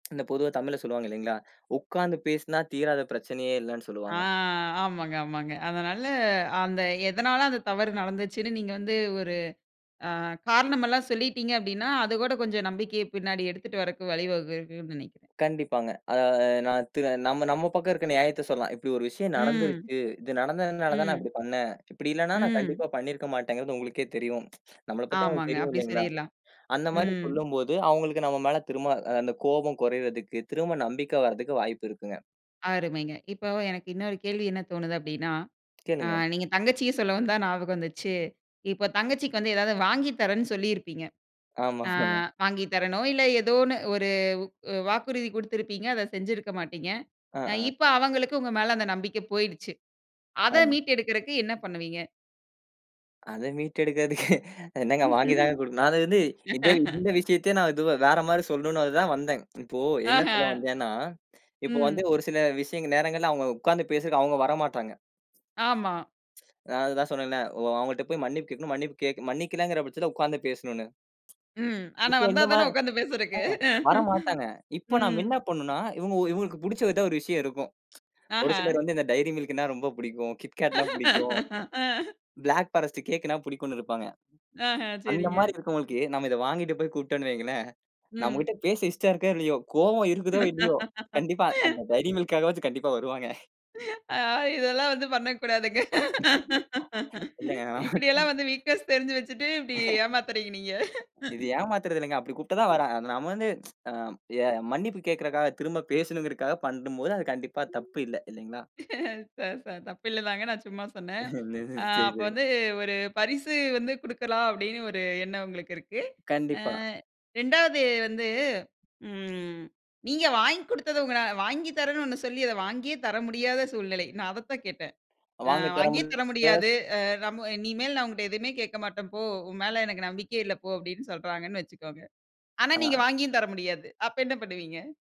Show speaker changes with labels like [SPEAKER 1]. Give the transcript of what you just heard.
[SPEAKER 1] இந்தத் பொதுவா தமிழ்ல சொல்லுவாங்க இல்லீங்களா? உக்காந்து பேசினா தீராத பிரச்சனையே இல்லைன்னு
[SPEAKER 2] ஆ
[SPEAKER 1] சொல்லுவாங்க.
[SPEAKER 2] ஆமாங்க ஆமாங்க. அதனால அந்த எதனால அந்தத் தவறு நடந்துச்சுன்னு நீங்க வந்து ஒரு அ காரணமெல்லாம் சொல்லிட்டீங்க அப்டின்னா அதோட கொஞ்சம் நம்பிக்கைய பின்னாடி எடுத்துட்டு வரக்கு வழி வகுக்குன்னு நினை
[SPEAKER 1] கண்டிப்பாங்க. அதா ஆ நான் நம்ம நம்ம பக்கம் இருக்குற நியாயத்த சொல்லலாம். இப்டியொரு விஷயம்
[SPEAKER 2] ம்.
[SPEAKER 1] நடந்துருச்சு. இது நடந்ததுனால தான் நான்
[SPEAKER 2] ம்.
[SPEAKER 1] அப்டி பண்ணேன். இப்டி இல்லன்னா நான்
[SPEAKER 2] ம்.
[SPEAKER 1] கண்டிப்பா பண்ணியிருக்க மாட்டேங்குறது உங்களுக்குக்கே தெரியும். நம்மளப் பத்தி அவங்களுக்கு
[SPEAKER 2] ஆமாங்க.
[SPEAKER 1] தெரியும்
[SPEAKER 2] அப்படி
[SPEAKER 1] இல்லீங்களா?
[SPEAKER 2] சொல்லிடலாம்.
[SPEAKER 1] அந்த மாரி
[SPEAKER 2] ம்.
[SPEAKER 1] சொல்லும்போது அவங்களுக்கு நம்ம மேல திரும்ப அந்த கோபம் குறையறதுக்கு, திரும்ப நம்பிக்கை வர்றதுக்கு வாய்ப்பு இருக்குங்க.
[SPEAKER 2] அருமைங்க. இப்ப எனக்கு இன்னொரு கேள்வி என்ன தோணுது அப்படின்னா, அ
[SPEAKER 1] கேளுங்க.
[SPEAKER 2] நீங்கத் தங்கச்சிய சொல்ல வந்தா ஞாபகம் வந்துச்சு. இப்ப தங்கச்சிக்கு வந்து ஏதாது வாங்கி தரன்னு சொல்லி இருப்பீங்க. அ
[SPEAKER 1] ஆமா.ஆமா.
[SPEAKER 2] வாங்கி தரேனோ இல்ல. ஏதோ ஒண்ணு ஒரு வ் வாக்குறுதி குடுத்திருப்பீங்க. அத செஞ்சிருக்க மாட்டீங்க.
[SPEAKER 1] அ,
[SPEAKER 2] அ
[SPEAKER 1] அ.
[SPEAKER 2] இப்ப அவங்களுக்கு உங்க மேல அந்த நம்பிக்கை போயிடுச்சு. அத
[SPEAKER 1] ஆம்.
[SPEAKER 2] மீட்டு எடுக்கறதுக்கு என்ன பண்ணுவீங்க?
[SPEAKER 1] அத மீட்டெடுக்குறதுக்கு, என்னங்க வாங்கிதாங்க குடுக்கணும், நான் வந்து இதே, இந்த விஷயத்தையே நான் இதுவே, வேற மாரி சொல்லணும்னுதான் வந்தேன். இப்போ என்ன
[SPEAKER 2] ஆஹா.
[SPEAKER 1] சொல்ல வந்தேன்னா, இப்ப
[SPEAKER 2] ம்.
[SPEAKER 1] வந்து ஒரு சில விஷயங்கள் நேரங்கள்ல அவங்க உக்காந்து பேச அவங்க வரமாட்றாங்க.
[SPEAKER 2] ஆமா.
[SPEAKER 1] நான் அதுதான் சொன்னேன்ல, அவங்ககிட்ட போய் மன்னிப்பு கேக்கணும். மன்னிப்பு கே, மன்னிக்கலங்கிற பட்சத்துல உக்காந்து பேசணும்னு.
[SPEAKER 2] ம். ஆனா
[SPEAKER 1] இப்ப இந்த
[SPEAKER 2] வந்தாத்தானே
[SPEAKER 1] மாரி
[SPEAKER 2] உக்காந்து
[SPEAKER 1] ஆ,
[SPEAKER 2] பேசுறதுக்கு.
[SPEAKER 1] வரமாட்டாங்க. இப்ப நாம
[SPEAKER 2] ம்.
[SPEAKER 1] என்ன பண்ணும்னா, இவங்களுக்கு இவங்களுக்கு பிடிச்ச எதா ஒரு விஷயம் இருக்கும். ஒரு சிலர்
[SPEAKER 2] அஹ.
[SPEAKER 1] வந்து இந்த டைரிமில்க்ன்னா ரொம்ப பிடிக்கும், கிட்கேட்ன்னா பிடிக்கும்.
[SPEAKER 2] ஆ.
[SPEAKER 1] பிளாக் ஃபாரஸ்ட் கேக்ன்னா பிடிக்கும்னு இருப்பாங்க.
[SPEAKER 2] ஆஹா.
[SPEAKER 1] அந்த
[SPEAKER 2] செரிங்க.
[SPEAKER 1] மாரி இருக்கவங்களுக்கு நாம இதை வாங்கிட்டு போய் கூப்டோம்ன்னு வைங்களேன்.
[SPEAKER 2] ம்.
[SPEAKER 1] நம்மகிட்ட பேச இஷ்டம் இருக்கோ இல்லயோ, கோபம் இருக்குதோ இல்லயோ, கண்டிப்பா அந்த டைரிமில்க்காகவாவது கண்டிப்பா வருவாங்க.
[SPEAKER 2] அ இதெலாம் வந்து பண்ணக்கூடாதுங்க.
[SPEAKER 1] இல்லங்க.
[SPEAKER 2] இப்டி
[SPEAKER 1] [unintelligible]
[SPEAKER 2] எல்லாம் வந்து வீக்நெஸ் தெரிஞ்சு வச்சுட்டு இப்டி ஏமாத்துறீங்க நீங்க.
[SPEAKER 1] இது ஏமாத்துறது இல்லங்க. அப்டி கூப்ட்டா தான் வரா. நாம வந்து, அஹ், மன்னிப்பு கேக்கறதுக்காக, திரும்ப பேசணும்ங்கறதுக்காக பண்ணும்போது அது கண்டிப்பா தப்பு இல்ல. இல்லீங்களா?
[SPEAKER 2] தப்பு இல்லதாங்க. நான் சும்மா சொன்னேன். அ
[SPEAKER 1] செரி,
[SPEAKER 2] அப்ப
[SPEAKER 1] செரி.
[SPEAKER 2] வந்து ஒரு பரிசு வந்து குடுக்கலாம் அப்டின்னு ஒரு என்னம் உங்களுக்கு இருக்கு. அ
[SPEAKER 1] கண்டிப்பா.
[SPEAKER 2] 2 வது வந்து ம் நீங்க வாங்கி குடுத்தது உங்கால வாங்கி தரன்னு ஒண்ணு சொல்லி அத வாங்கியே தர முடியாத சூழ்நிலை. நான் அதத்தான் கேட்டேன். அ
[SPEAKER 1] வாங்கித் தரமு
[SPEAKER 2] வாங்கியே தர
[SPEAKER 1] [unintelligible]
[SPEAKER 2] முடியாது. அ நம்ம இனிமேல் நான் உன்கிட்ட எதையுமே கேக்க மாட்டேன் போ. உன் மேல எனக்கு நம்பிக்கயே இல்ல போ அப்டின்னு சொல்றாங்கன்னு வச்சுக்கோங்க. ஆனா நீங்க
[SPEAKER 1] அ.
[SPEAKER 2] வாங்கியும் தர முடியாது. அப்ப என்ன பண்ணுவீங்க?